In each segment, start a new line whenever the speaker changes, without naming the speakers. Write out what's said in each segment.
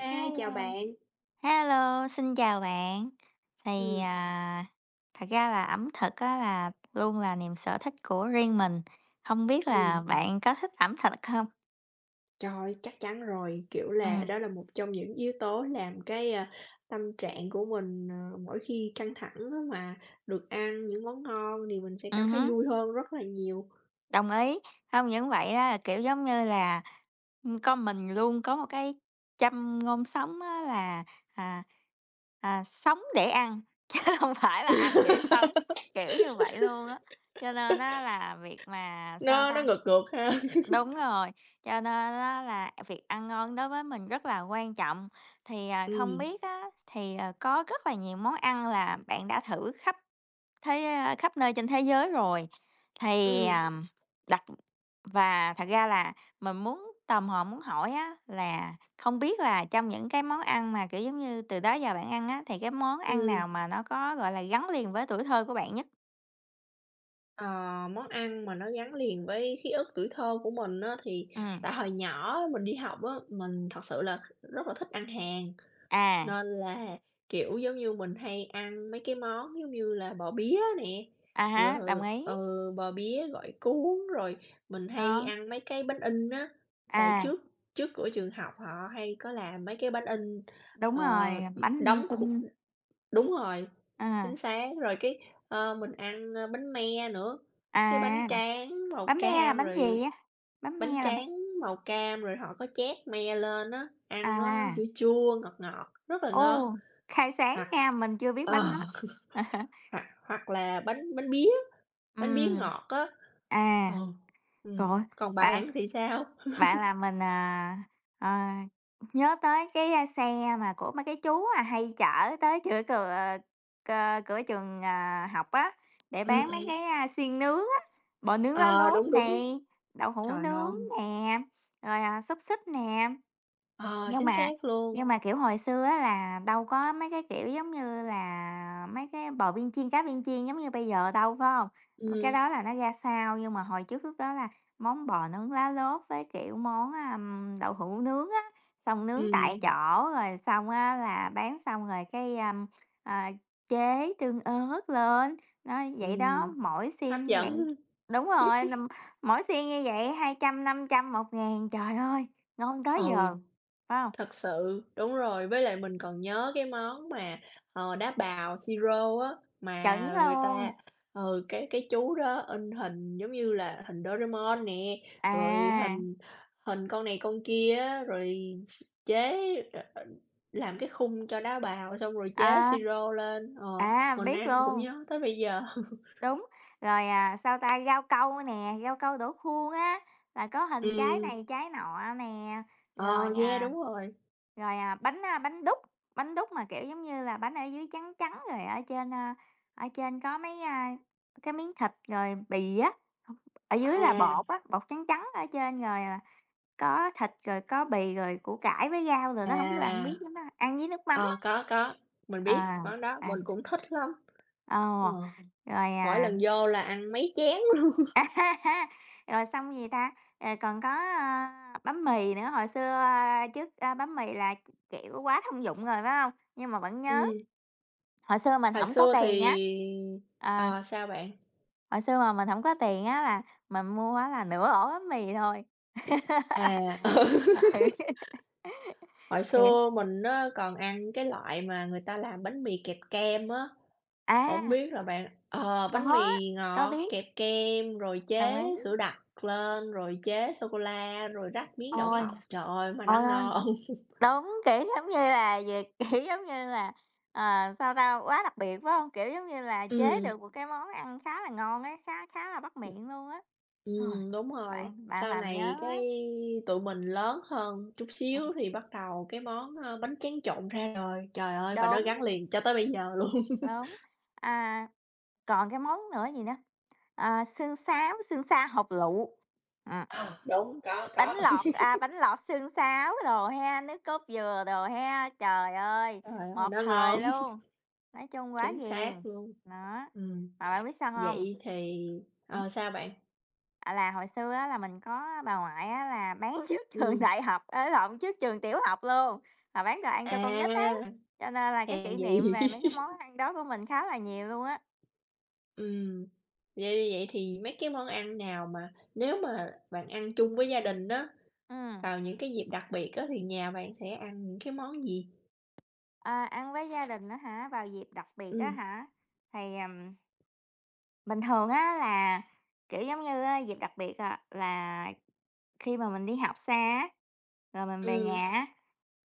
Hi, chào
Hello,
bạn.
hello, xin chào bạn, thì,
Ừm.
à, thật ra là ẩm thực á là luôn là niềm sở thích của riêng mình, hông biết
Ừm.
là bạn có thích ẩm thực hông?
Trời, chắc chắn rồi, kiểu là,
Ừm.
đó là một trong những yếu tố làm cái, a, tâm trạng của mình, ờ, mỗi khi căng thẳng á mà được ăn những món ngon, thì mình sẽ cảm
Ừm
thấy
hứm.
vui hơn rất là nhiều.
Đồng ý, không những vậy á, kiểu, giống như là, ưm, có mình luôn có một cái châm ngôn sống á là, à, à, sống để ăn, chứ hông phải là ăn để sống, kiểu như vậy luôn á. Cho nên á là việc mà, sao
Nó nó
ta
ngược ngược ha?
đúng rồi, cho nên á là việc ăn ngon đối với mình rất là quan trọng. Thì, à, không
Ừm.
biết á, thì, ờ, có rất là nhiều món ăn là bạn đã thử khắp thế, ơ khắp nơi trên thế giới rồi. Thì,
Ừm.
à, đặt và thật ra là mình muốn tò mò muốn hỏi á là không biết là trong những cái món ăn mà, kiểu giống như, từ đó giờ bạn ăn á, thì cái món ăn
Ừm.
nào mà nó có, gọi là, gắn liền với tuổi thơ của bạn nhất?
Ờ, món ăn mà nó gắn liền với ký ức tuổi thơ của mình á, thì
Ừm.
tại hồi nhỏ mình đi học á, mình thật sự là rất là thích ăn hàng,
À.
nên là, kiểu, giống như mình hay ăn mấy cái món giống như là bò bía nè,
À há, đồng
rồi,
ý.
ừ, bò bía gỏi cuốn, rồi mình hay
Đó.
ăn mấy cái bánh in á, tại
À.
trước trước cửa trường học họ hay có làm mấy cái bánh in,
Đúng
ờ,
rồi, bánh linh
đóng kh
tinh.
Đúng rồi,
Ờ.
chính xác, rồi cái, ơ, mình ăn, ơ, bánh me nữa,
À!
cái bánh
[unintelligible]
tráng màu
Bánh me là
cam
bánh gì
rồi
vậy? Bánh me
bánh
là bánh
tráng màu cam rồi họ có trét me lên á, ăn nó chua
À.
chua, ngọt ngọt, rất là ngon,
Ồ, khai sáng
hoặc,
nha, mình chưa biết
ờ
bánh đó. Ờ.
hoặc hoặc là bánh bánh bía, bánh bía
Ừm.
ngọt á,
À,
ừ,
trời
ừm,
ơi,
còn
bạn
bạn thì sao?
bạn làm mình, ờ, ờ, nhớ tới cái xe mà của mấy cái chú, à, hay chở tới chửa cừa c cửa trường, à, học á, để
Ừm,
bán mấy
ừm.
cái xiên nướng á, bò nướng lá
Ờ,
lốt
đúng, đúng.
này, đậu hủ
Trời,
nướng
ngon.
nè, rồi, à, xúc xích nè.
Ờ,
Nhưng
chính
mà
xác luôn.
nhưng mà, kiểu, hồi xưa á là đâu có mấy cái, kiểu, giống như là mấy cái bò viên chiên, cá viên chiên giống như bây giờ đâu, phải hông? M cái
Ừm.
đó là nó ra sau, nhưng mà hồi trước lúc đó là món bò nướng lá lốt với, kiểu, món, ờm, đậu hủ nướng á, xong nướng tại
Ừm.
chỗ rồi xong á là bán xong rồi cái, ờm, a, chế tương ớt lên, nó vậy đó.
Ừm,
Mỗi
hấp
xiên như vậy
dẫn.
đúng rồi, ừm, mỗi xiên như vậy 200, 500, 1.000. Trời ơi, ngon
Ừ,
tới giờ, phải hông?
thật sự, đúng rồi, với lại mình còn nhớ cái món mà, ờ, đá bào siro á,
Chuẩn
mà người
luôn.
ta ừ, cái cái chú đó in hình giống như là hình Doraemon nè, rồi
À.
hình hình con này con kia á, rồi chế làm cái khung cho đá bào xong rồi chế
À.
siro lên, ờ,
À,
mình
biết
ăn cũng
luôn.
nhớ tới bây giờ.
Đúng, rồi, à, sao ta, rau câu nè, rau câu đổ khuôn á, là có hình trái
Ừm.
này trái nọ nè, rồi,
Ờ, yeah, đúng
à
rồi.
rồi, à, bánh, a, bánh đúc, bánh đúc mà, kiểu giống như là, bánh ở dưới trắng trắng rồi ở trên, a, ở trên có mấy, a, cái miếng thịt rồi bì á, ở dưới là
À.
bột á, bột trắng trắng ở trên rồi, à, có thịt rồi có bì rồi củ cải với rau đồ đó, hổng biết bạn
À.
biết món đó hông? Ăn với nước mắm á.
Ờ, có, có, mình biết
À,
món đó, mình
ờm.
cũng thích lắm. Ờ,
Ờ, rồi,
mỗi
à
lần vô là ăn mấy chén luôn.
Rồi xong, gì ta, à, còn có bánh mì nữa, hồi xưa trước, a, bánh mì là, k kiểu, quá thông dụng rồi, phải hông? Nhưng mà vẫn nhớ.
Ừm.
Hồi xưa mình
Hồi
hổng có
xưa
tiền á.
thì
Ờ.
ờ, sao bạn?
Hồi xưa mà mình hổng có tiền á là mình mua á là nửa ổ bánh mì thôi.
À, ừ.
Ời.
Hồi
Kiểu
xưa mình á còn ăn cái loại mà người ta làm bánh mì kẹp kem á, hổng
À!
biết là bạn ờ, bánh
Có,
mì
có
ngọt
biết.
kẹp kem rồi
Đồng
chế
ý.
sữa đặc lên, rồi chế sô cô la, rồi rắc miếng đậu
Ôi,
phộng, trời ơi mà nó
ôi, ôi.
ngon.
Đúng, kiểu, giống như là, gì, kiểu, giống như là, ờ, sao ta, quá đặc biệt, phải hông? Kiểu, giống như là, chế
Ừm.
được một cái món ăn khá là ngon á, khá khá là bắt
Ừm.
miệng luôn á. Rồi,
Ừm, đúng rồi,
bạn bạn
sau
làm nhớ
này cái
quá.
tụi mình lớn hơn chút
Ừm.
xíu thì bắt đầu cái món, ơ, bánh tráng trộn ra đời, trời ơi, và nó
Đúng.
gắn liền cho tới bây giờ luôn.
Đúng, à, còn cái món nữa gì nữa, à, sương sáo, sương sa hột lựu. Ờ.
Ừ, đúng, có,
Bánh
có.
lọt, à, bánh lọt xương sáo đồ ha, nước cốt dừa đồ ha. Trời ơi,
Trời ơi,
một
nó
thời
ngon.
luôn, nói chung quá
Chính
ghiền.
xác luôn.
Đó,
Ừm,
mà bạn biết sao hông?
vậy thì
Hử?
ờ, sao bạn?
À, là hồi xưa á là mình có bà ngoại á là bán trước trường
Ừm.
đại học, á lộn trước trường tiểu học luôn, là bán đồ ăn cho con nít ấy,
À,
cho nên là cái
hèn
kỷ niệm
gì!
về mấy cái món ăn đó của mình khá là nhiều luôn á.
Ừm, vậy vậy thì mấy cái món ăn nào mà nếu mà bạn ăn chung với gia đình á
Ừm.
vào những cái dịp đặc biệt á, thì nhà bạn sẽ ăn những cái món gì?
Ờ, ăn với gia đình á hả? Vào dịp đặc biệt á
Ừm.
hả? Thì, ừm bình thường, á là, kiểu, giống như á dịp đặc biệt, à, là khi mà mình đi học xa á, rồi mình về
Ừm.
nhà á,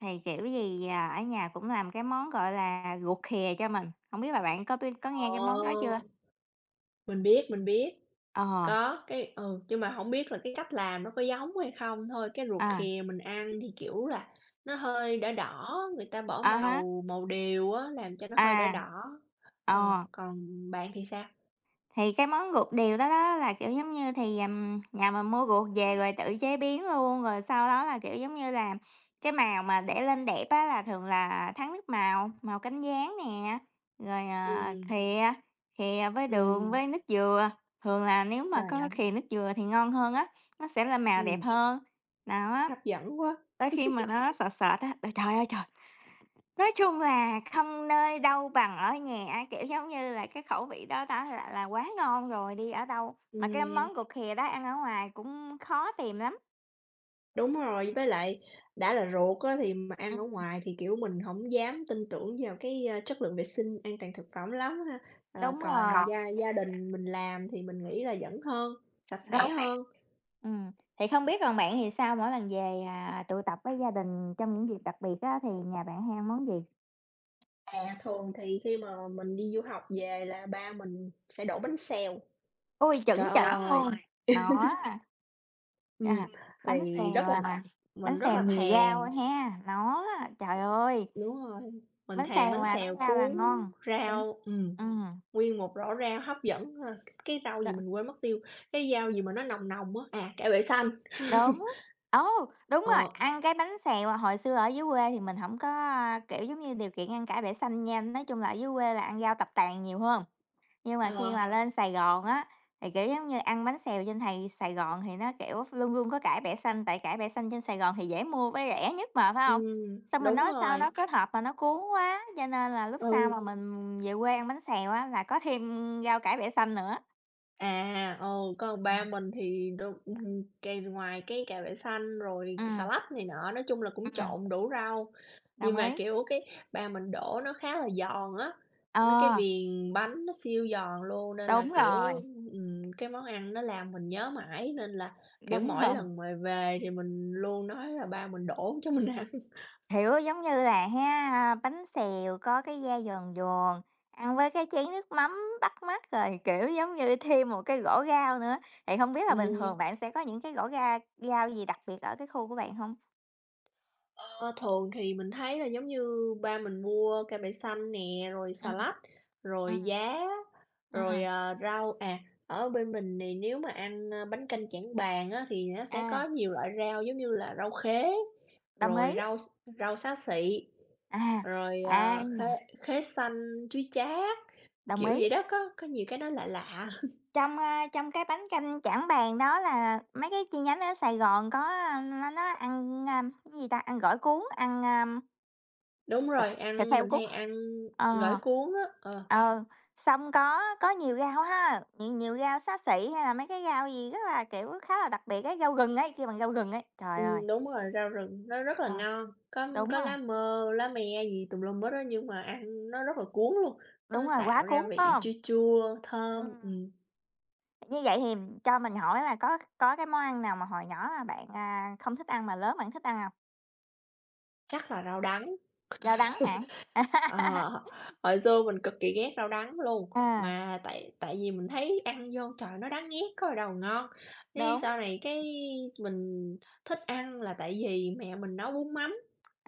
thì kiểu gì ở nhà cũng làm cái món gọi là ruột khìa cho mình, không biết là bạn có biết, có nghe cái món đó chưa?
Ồ. Mình biết, mình biết,
Ờ.
có cái ừ, nhưng mà hổng biết là cái cách làm nó có giống hay không thôi. Cái ruột
À.
khìa mình ăn thì, kiểu là, nó hơi đỏ đỏ, người ta bỏ
À há.
màu màu điều á, làm cho nó hơi đỏ
À,
đỏ. Ờ,
ờ.
còn bạn thì sao?
Thì cái món ruột điều đó đó, là, kiểu giống như, thì, ờ, nhà mình mua ruột về rồi tự chế biến luôn, rồi sau đó là, kiểu, giống như là, cái màu mà để lên đẹp á là thường là thắng nước màu, màu cánh gián nè, rồi, à,
Ừm.
khìa, khìa với đường
Ừm.
với nước dừa, thường là nếu mà có
Trời.
khìa nước dừa thì ngon hơn á, nó sẽ là màu đẹp
Ừm.
hơn. Đó.
Hấp dẫn quá!
Tới khi mà nó sệt sệt á trời ơi trời, nói chung là không nơi đâu bằng ở nhà á, kiểu, giống như là, cái khẩu vị đó đó lại là quá ngon rồi, đi ở đâu mà cái
Ừm.
món ruột khìa đó ăn ở ngoài cũng khó tìm lắm.
Đúng rồi, với lại đã là ruột á thì mà ăn ở
Ừm.
ngoài thì, kiểu, mình hổng dám tin tưởng vào cái, ờ, chất lượng vệ sinh an toàn thực phẩm lắm ha? Ờ,
Đúng rồi.
còn gia gia đình mình làm thì mình nghĩ là vẫn hơn, sạch
Đúng.
sẽ hơn.
Ừm, thì không biết còn bạn thì sao? Mỗi lần về, à, tụ tập với gia đình trong những dịp đặc biệt á thì nhà bạn hay ăn món gì?
À, thường thì khi mà mình đi du học về là ba mình sẽ đổ bánh xèo.
Ôi,
Trời
chuẩn chuẩn
ơi!
luôn! Nó.
Ừm,
À, bánh
thì
xèo
rất là
à, bánh
mình rất
xèo
là
nhiều rau
thèm.
ha? Nó á. Trời ơi!
Đúng rồi, mình
Bánh
thèm
xèo
bánh
mà có
xèo
rau là
cuốn
ngon.
rau, ừm,
Ừm.
nguyên một rổ rau hấp dẫn ha! Cái rau gì
Dạ.
mình quên mất tiêu, cái rau gì mà nó nồng nồng á? À, cải bẹ xanh.
Đúng. Ồ! Đúng rồi,
Ờ.
ăn cái bánh xèo hồi xưa ở dưới quê thì mình hổng có, a, kiểu, giống như điều kiện ăn cải bẹ xanh nha, nói chung là ở dưới quê là ăn rau tập tàn nhiều hơn. Nhưng mà khi
Alo.
mà lên Sài Gòn á, thì, kiểu, giống như ăn bánh xèo trên này Sài Gòn thì nó, kiểu, luôn luôn có cải bẹ xanh, tại cải bẻ xanh trên Sài Gòn thì dễ mua với rẻ nhất mà, phải hông?
Ừm,
Xong mình
đúng
nói sao
rồi.
nó kết hợp mà nó cuốn quá, cho nên là lúc sau
Ừ.
mà mình về quê ăn bánh xèo á, là có thêm rau cải bẹ xanh nữa.
À, ừ, còn ba
[unintelligible]
mình thì đụng ừm, kèm ngoài cái cải bẹ xanh rồi xà
Ừm.
lách này nọ, nói chung là cũng
Ừm.
trộn đủ rau. Nhưng
Đồng
mà,
ý.
kiểu, cái ba mình đổ nó khá là giòn á, nó cái
À!
viền bánh nó siêu giòn luôn nên là,
Đúng
kiểu,
rồi.
ừm, cái món ăn nó làm mình nhớ mãi nên là, kiểu,
Đúng
mỗi
rồi.
lần mà về thì mình luôn nói là ba mình đổ cho mình ăn.
Hiểu, giống như là ha, bánh xèo có cái da giòn giòn, ăn với cái chén nước mắm bắt mắt, rồi, kiểu, giống như thêm một cái rổ rau nữa. Thì hông biết là bình
Ừm.
thường bạn sẽ có những cái gõ ga rau gì đặc biệt ở cái khu của bạn hông?
Ờ, thường thì mình thấy là, giống như, ba mình mua cải bẹ xanh nè, rồi xà
Ừm,
lách, rồi
ừm,
giá, rồi,
ừm.
à, rau à, ở bên mình này nếu mà ăn bánh canh Trảng Bàng á, thì nó sẽ có
À.
nhiều loại rau, giống như là, rau khế,
Đồng
rồi
ý.
rau x rau xá xị,
À,
rồi,
à!
à, khế khế xanh, chuối chát.
Đồng
Kiểu
ý.
vậy đó, có có nhiều cái nó lạ lạ.
Trong, a, trong cái bánh canh Trảng Bàng đó là mấy cái chi nhánh ở Sài Gòn có, nó nó ăn, a, cái gì ta, ăn gỏi cuốn, ăn, a
Đúng
Ừ,
rồi,
thịt
ăn
heo
mình
cuốn.
hay ăn gỏi
Ờ,
cuốn á, ờ.
ừ, xong có có nhiều rau ha, nhiều nhiều rau xá xị hay là mấy cái rau gì rất là, kiểu, khá là đặc biệt ấy, rau rừng ấy, kêu bằng rau rừng ấy, rồi rồi.
Ừm, đúng rồi. Rau rừng nó rất là
Ờ,
ngon, có
đúng
có
rồi.
lá mơ lá me gì tùm lum hết á nhưng mà ăn nó rất là cuốn luôn,
Đúng
nó
rồi, quá
tạo ra
cuốn, phải
vị
hông?
chua chua, thơm,
Ừm.
ừm.
Như vậy thì cho mình hỏi là có có cái món ăn nào mà hồi nhỏ mà bạn, à, không thích ăn mà lớn bạn thích ăn hông?
Chắc là rau đắng.
Rau đắng hả?
Ờ, hồi xưa mình cực kỳ ghét rau đắng luôn,
Ờ.
mà tại tại vì mình thấy ăn vô, trời, nó đắng nghét có gì đâu mà ngon, cái
Đúng.
sau này cái mình thích ăn là tại vì mẹ mình nấu bún mắm.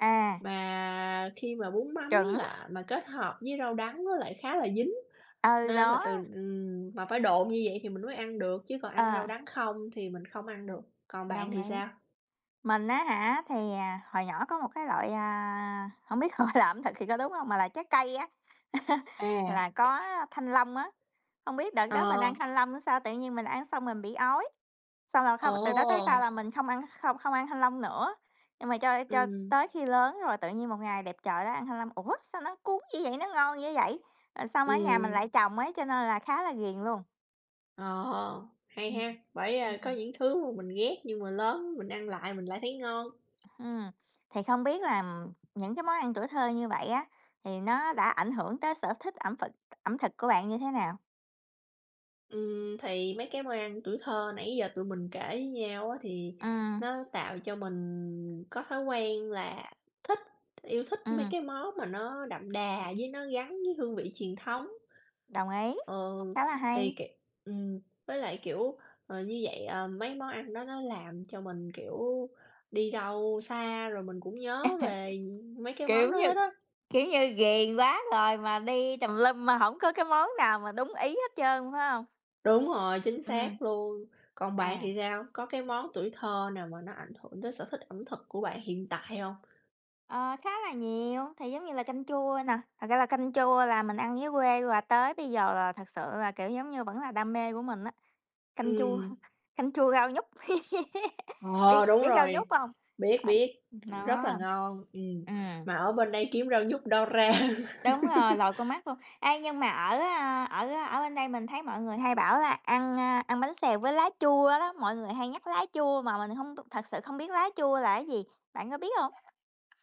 À.
Mà khi mà bún mắm
Chuẩn.
là mà kết hợp với rau đắng nó lại khá là dính,
Ờ,
nên là
đó.
từ ừm, mà phải độn như vậy thì mình mới ăn được chứ còn ăn
Ờ.
rau đắng không thì mình không ăn được. Còn bạn
Đồng
thì
ý.
sao?
Mình á hả, thì, à, hồi nhỏ có một cái loại à, hổng biết gọi là ẩm thực thì có đúng không, mà là trái cây á.
À.
Là có thanh long á. Hông biết đợt đó mình ăn
Ờ.
thanh long hay sao, tự nhiên mình ăn xong mình bị ói, xong là thôi từ đó tới sau
Ồ.
là mình không ăn, không không ăn thanh long nữa. Nhưng mà cho cho
Ừm.
tới khi lớn rồi tự nhiên một ngày đẹp trời đó ăn thanh long, ủa, sao nó cuốn dữ vậy, nó ngon dữ vậy, rồi xong ở nhà mình
Ừm.
lại trồng ấy cho nên là khá là ghiền luôn.
Ồ! Hay
Ừm.
he, bởi, ơ, có
Ừm.
những thứ mà mình ghét nhưng mà lớn mình ăn lại mình lại thấy ngon.
Hừm, thì không biết làm những cái món ăn tuổi thơ như vậy á, thì nó đã ảnh hưởng tới sở thích ẩm thực ẩm thực của bạn như thế nào?
Ừm, thì mấy cái môi ăn tuổi thơ nãy giờ tụi mình kể với nhau á, thì,
Ừm.
nó tạo cho mình có thói quen là thích, yêu thích mấy
Ừm.
cái món mà nó đậm đà với nó gắn với hương vị truyền thống.
Đồng ý,
Ừ,
khá là
thì
hay.
kiều ừm, với lại, kiểu, ờ, như vậy, ờ, mấy món ăn đó nó làm cho mình, kiểu, đi đâu xa rồi mình cũng nhớ về, ừm, mấy cái món
Kiểu
đó
như
hết á.
kiểu như ghiền quá rồi mà đi tùm lum mà hổng có cái món nào mà đúng ý hết trơn, phải hông?
Đúng rồi, chính
Ừm.
xác luôn. Còn bạn
À.
thì sao? Có cái món tuổi thơ nào mà nó ảnh hưởng tới sở thích ẩm thực của bạn hiện tại hông?
Ờ, khá là nhiều. Thì giống như là canh chua nè, thật ra là canh chua là mình ăn dưới quê, và tới bây giờ là thật sự là, kiểu, giống như vẫn là đam mê của mình á. Canh chua,
Ừm.
canh chua rau nhút, biết
Ờ, đúng
biết rau
rồi,
nhút hông?
biết,
À,
biết,
nó.
rất là ngon. Ừm,
Ừm.
mà ở bên đây kiếm rau nhút đâu ra?
Đúng rồi, lòi con mắt luôn. Ê, nhưng mà ở, à, ở ở bên đây mình thấy mọi người hay bảo là ăn, a, ăn bánh xèo với lá chua đó, mọi người hay nhắc lá chua mà mình hông b thật sự không biết lá chua là gì, bạn có biết hông?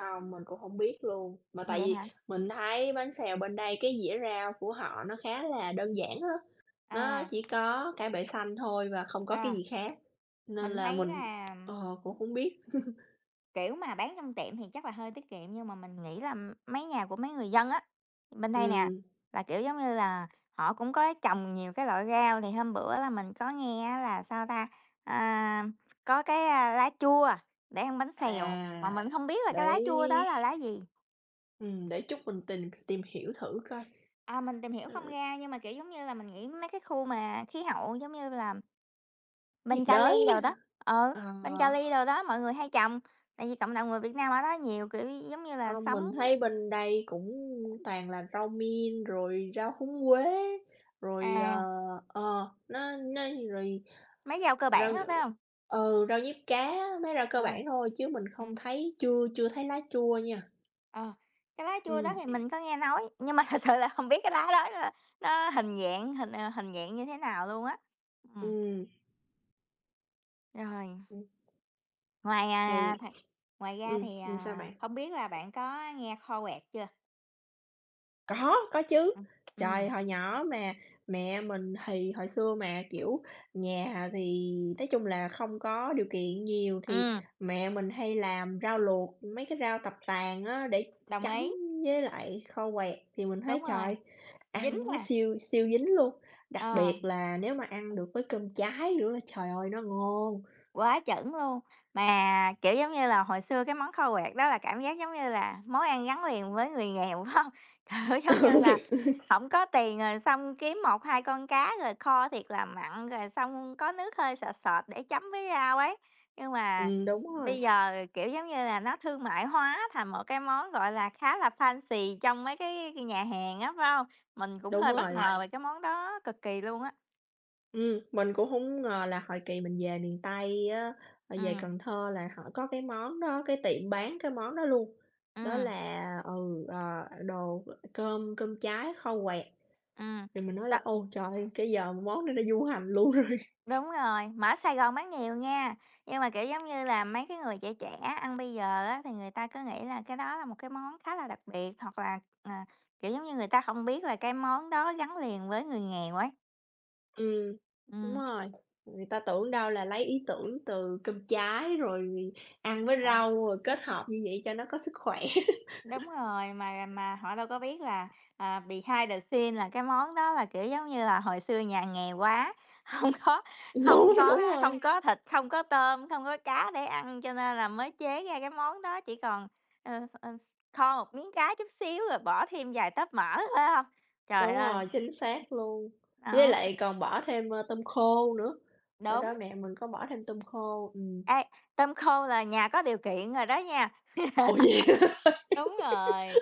Không, mình cũng hổng biết luôn. Mà tại
Vậy
vì
hả?
mình thấy bánh xèo bên đây cái dĩa rau của họ nó khá là đơn giản á. Nó
À.
chỉ có cải bẹ xanh thôi và không có cái
À.
gì khác, nên
Mình
là
thấy
mình,
là
ờ, cũng hổng biết.
Kiểu, mà bán trong tiệm thì chắc là hơi tiết kiệm, nhưng mà mình nghĩ là mấy nhà của mấy người dân á, bên đây nè,
Ừm.
là, kiểu, giống như là, họ cũng có trồng nhiều cái loại rau. Thì hôm bữa là mình có nghe á là, sao ta, à, có cái, a, lá chua để ăn bánh xèo, mà
À,
mình hông biết là cái lá chua đó
đấy.
là lá gì.
Ừm, để chút mình tìm tìm hiểu thử coi.
À, mình tìm hiểu không
Ừm.
ra nhưng mà, kiểu, giống như là, mình nghĩ mấy cái khu mà khí hậu, giống như là
Nhiệt
bên
đới,
Cali đồ đó ừ,
ờ.
bên Cali đồ đó, mọi người hay trồng, tại vì cộng đồng người Việt Nam ở đó nhiều, kiểu, giống như là,
Ờ,
sống
mình thấy bên đây cũng toàn là rau mint rồi rau húng quế, rồi, ờ
À.
ờ, nó nó rồi
Mấy rau cơ bản
rau nh
á, phải hông?
ừ, rau diếp cá, mấy rau cơ
À.
bản thôi chứ mình không
Ừm.
thấy chưa chưa thấy lá chua nha.
Ờ, cái lá chua đó
Ừm.
thì mình có nghe nói, nhưng mà thật sự là hông biết cái lá đó [unintelligible] nó hình dạng hình, ờ, hình dạng như thế nào luôn á. Ừm.
Ừm.
Rồi.
[unintelligible]
Ngoài,
Thì,
à, ngoài ra
ừm,
thì,
ừm, sao
à,
bạn?
hông biết là bạn có nghe kho quẹt chưa?
Có, có chứ,
[unintelligible] Ừm.
trời, hồi nhỏ mà mẹ mình thì hồi xưa mà, kiểu, nhà thì nói chung là không có điều kiện nhiều, thì
Ừm.
mẹ mình hay làm rau luộc, mấy cái rau tập tàng á, để
Đồng
chấm
ý.
với lại kho quẹt thì mình thấy,
Đúng rồi,
trời,
dính
ăn nó
nè.
siêu, siêu dính luôn, đặc biệt
À.
là nếu mà ăn được với cơm cháy nữa là, trời ơi, nó ngon!
Quá chuẩn luôn, mà, kiểu, giống như là, hồi xưa cái món kho quẹt đó là cảm giác, giống như là, món ăn gắn liền với người nghèo, phải hông? Kiểu, giống như là,
Ừ.
hổng có tiền rồi xong kiếm 1-2 con cá rồi kho thiệt là mặn rồi xong có nước hơi sệt sệt để chấm với rau ấy, nhưng mà
Ừm. đúng rồi.
bây giờ, kiểu, giống như là, nó thương mại hóa thành một cái món, gọi là, khá là fancy trong mấy cái nhà hàng á, phải hông? Mình cũng
Đúng
hơi bất
rồi.
ngờ về cái món đó cực kỳ luôn á.
Ừm, mình cũng hổng ngờ là hồi kỳ mình về miền Tây á, mà về
Ừm.
Cần Thơ là họ có cái món đó, cái tiệm bán cái món đó luôn. Đó
Ừm.
là ừ, ờ, đồ cơm cơm cháy kho quẹt.
Ừm.
Thì mình nói
Đó.
là "Ôi trời ơi, cái giờ món này nó du hành luôn rồi."
Đúng rồi, mà ở Sài Gòn bán nhiều nghe, nhưng mà, kiểu, giống như là, mấy cái người trẻ trẻ ăn bây giờ á, thì người ta cứ nghĩ là cái đó là một cái món khá là đặc biệt, hoặc là, ờ, kiểu giống như, người ta hông biết là cái món đó gắn liền với người nghèo ấy.
Ừm, đúng
Ừm.
rồi, người ta tưởng đâu là lấy ý tưởng từ cơm cháy rồi ăn với
Hả?
rau rồi kết hợp như vậy cho nó có sức khỏe.
Đúng rồi, mà mà họ đâu có biết là, à, behind the scenes là cái món đó là, kiểu, giống như là, hồi xưa nhà nghèo quá, hông có hông
Đúng,
có
đúng
á không
rồi.
có thịt, không có tôm, không có cá để ăn, cho nên là mới chế ra cái món đó, chỉ còn ờ, ờ, kho một miếng cá chút xíu rồi bỏ thêm vài tóp mỡ, phải hông? Trời
Đúng
ơi.
rồi, chính xác luôn. Với
Đó.
lại còn bỏ thêm, ơ, tôm khô nữa, hồi đó
Đúng.
mẹ mình có bỏ thêm tôm khô, ừm.
Ê, tôm khô là nhà có điều kiện rồi đó nha.
Ủa vậy hả.
Đúng rồi,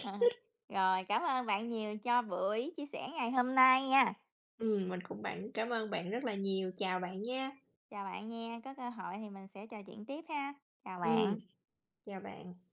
ờ, rồi, cảm ơn bạn nhiều cho buổi chia sẻ ngày hôm nay nha.
Ừm, mình cũng bạn cảm ơn bạn rất là nhiều. Chào bạn nha.
Chào bạn nha, có cơ hội thì mình sẽ trò chuyện tiếp ha. Chào
Ừm,
bạn.
chào bạn.